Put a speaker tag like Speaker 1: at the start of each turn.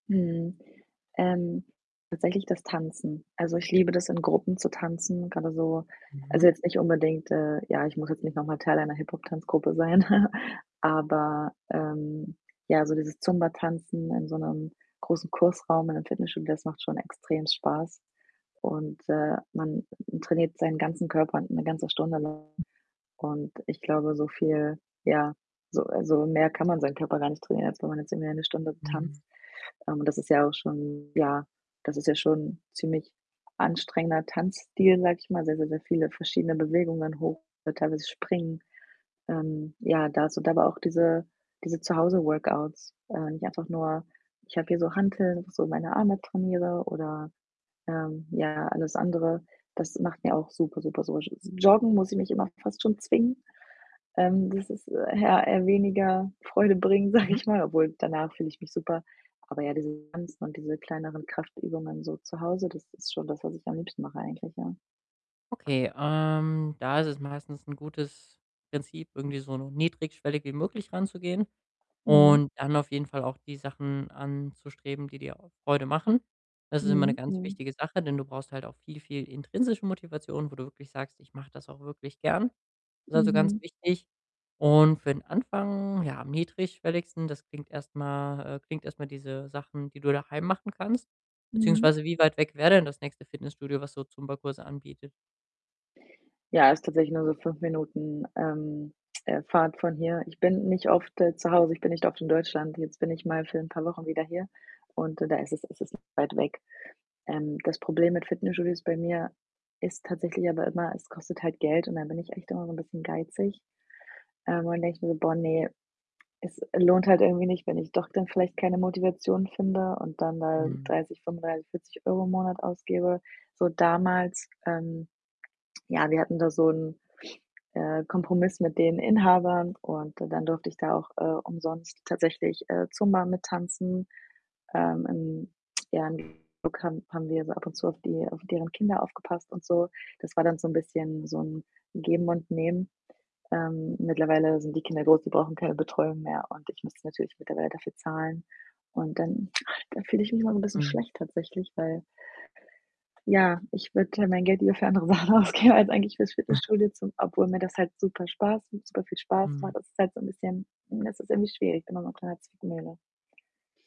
Speaker 1: Mhm. Ähm, tatsächlich das Tanzen. Also, ich liebe das, in Gruppen zu tanzen, grade so
Speaker 2: Mhm.
Speaker 1: also, jetzt nicht unbedingt, äh ja, ich muss jetzt nicht noch mal Teil einer Hip-Hop-Tanzgruppe sein, aber, ähm, ja, so dieses Zumba-Tanzen in so 'nem großen Kursraum in einem Fitnessstudio, das macht schon extrem Spaß. Und, äh, man trainiert seinen ganzen Körper 'ne ganze Stunde lang und ich glaube, so viel ja, so also, mehr kann man seinen Körper gar nicht trainieren, als wenn man jetzt irgendwie eine Stunde
Speaker 2: Mhm.
Speaker 1: tanzt. Ähm, und das ist ja auch schon ja, das ist ja schon ziemlich anstrengender Tanzstil, sage ich mal, sehr, sehr, sehr viele verschiedene Bewegungen, hoch, teilweise springen. Ähm, ja, da so da aber auch diese diese Zuhause-Workouts, äh, nicht einfach nur ich habe hier so Hanteln, wo ich so meine Arme trainiere oder, ähm, ja, alles andere. Das macht mir auch super, super so sch Joggen muss ich mich immer fast schon zwingen, ähm, das ist, äh, ja, eher weniger Freude bringend, sage
Speaker 2: Mhm.
Speaker 1: ich mal, obwohl, danach fühle ich mich super. Aber ja, dieses Tanzen und diese kleineren Kraftübungen so zu Hause, das ist schon das, was ich am liebsten mache eigentlich, ja.
Speaker 2: Okay, ähm, da ist es meistens 'n gutes Prinzip, irgendwie so niedrigschwellig wie möglich ranzugehen
Speaker 1: Mhm.
Speaker 2: und dann auf jeden Fall auch die Sachen anzustreben, die dir auch Freude machen. Das ist immer 'ne
Speaker 1: Mhm,
Speaker 2: ganz
Speaker 1: mhm.
Speaker 2: wichtige Sache, denn du brauchst halt auch viel, viel intrinsische Motivation, wo du wirklich sagst: „Ich mache das auch wirklich gern.“ Ist, also, ganz
Speaker 1: Mhm.
Speaker 2: wichtig. Und für den Anfang, ja, am niedrigschwelligsten das klingt erst mal äh, klingt erst mal diese Sachen, die du daheim machen kannst.
Speaker 1: Mhm.
Speaker 2: Beziehungsweise wie weit weg wär denn das nächste Fitnessstudio, was so Zumba-Kurse anbietet?
Speaker 1: Ja, ist tatsächlich nur so 5 Minuten, ähm, äh, Fahrt von hier. Ich bin nicht oft, äh, zu Hause, ich bin nicht oft in Deutschland. Jetzt bin ich mal für 'n paar Wochen wieder hier und d da ist es es ist weit weg. Ähm, das Problem mit Fitnessstudios bei mir ist tatsächlich aber immer, es kostet halt Geld, und da bin ich echt immer so 'n bisschen geizig, ähm, und dann denke ich mir: „Boah, ne, es lohnt halt irgendwie nicht, wenn ich doch dann vielleicht keine Motivation finde und dann da
Speaker 2: Mhm.
Speaker 1: 30, 35, 40 € im Monat ausgebe.“ So damals, ähm ja, wir hatten da so 'n, äh, Kompromiss mit den Inhabern, und dann durfte ich da auch, äh, umsonst tatsächlich, äh, Zumba mittanzen. Ähm, im ja, im [unintelligible] haben haben wir so ab und zu auf die auf deren Kinder aufgepasst und so. Das war dann so 'n bisschen so 'n Geben und Nehmen. Ähm, mittlerweile sind die Kinder groß, die brauchen keine Betreuung mehr, und ich müsste natürlich mittlerweile dafür zahlen. Und dann da fühle ich mich immer 'n bisschen
Speaker 2: Mhm.
Speaker 1: schlecht tatsächlich, weil ja, ich würde mein Geld lieber für andere Sachen ausgeben als eigentlich fürs Fitnessstudio zum obwohl mir das halt super Spaß m super viel Spaß
Speaker 2: Mhm.
Speaker 1: macht. Das ist halt so 'n bisschen hm, das ist irgendwie schwierig, bin da so in 'ner kleinen Zwickmühle.